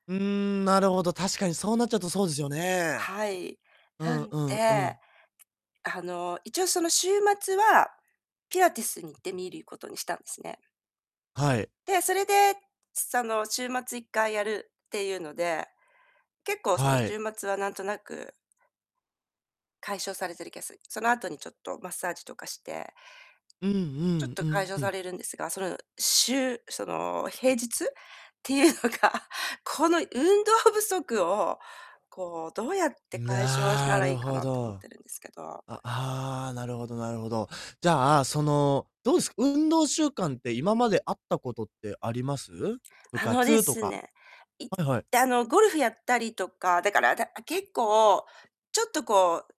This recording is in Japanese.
うーん、なるほど、確かにそうなっちゃうとそうですよね。はい。うなんんうんうで。ん。あの、一応その週末は、ピラティスに行ってみることにしたんすね。はい。で、それで、その週末1回やるっていうので、結構そのはい。週末はなんとなく解消されてる気がすその後にちょっとマッサージとかしてうんちょっとうかいんじょううさん。れるんですが、その週、その平日っていうのが、この運動不足を、こうどうやって解消したならるいいかほなって思っど。てるんですけど。あああ、なるほどなるほど。じゃあ、その、どうす？運動習慣って今まであったことってあります？部あので活とすか。ね、いはいはい。あの、ゴルフやったりとか、だからだあ、結構ちょっとこう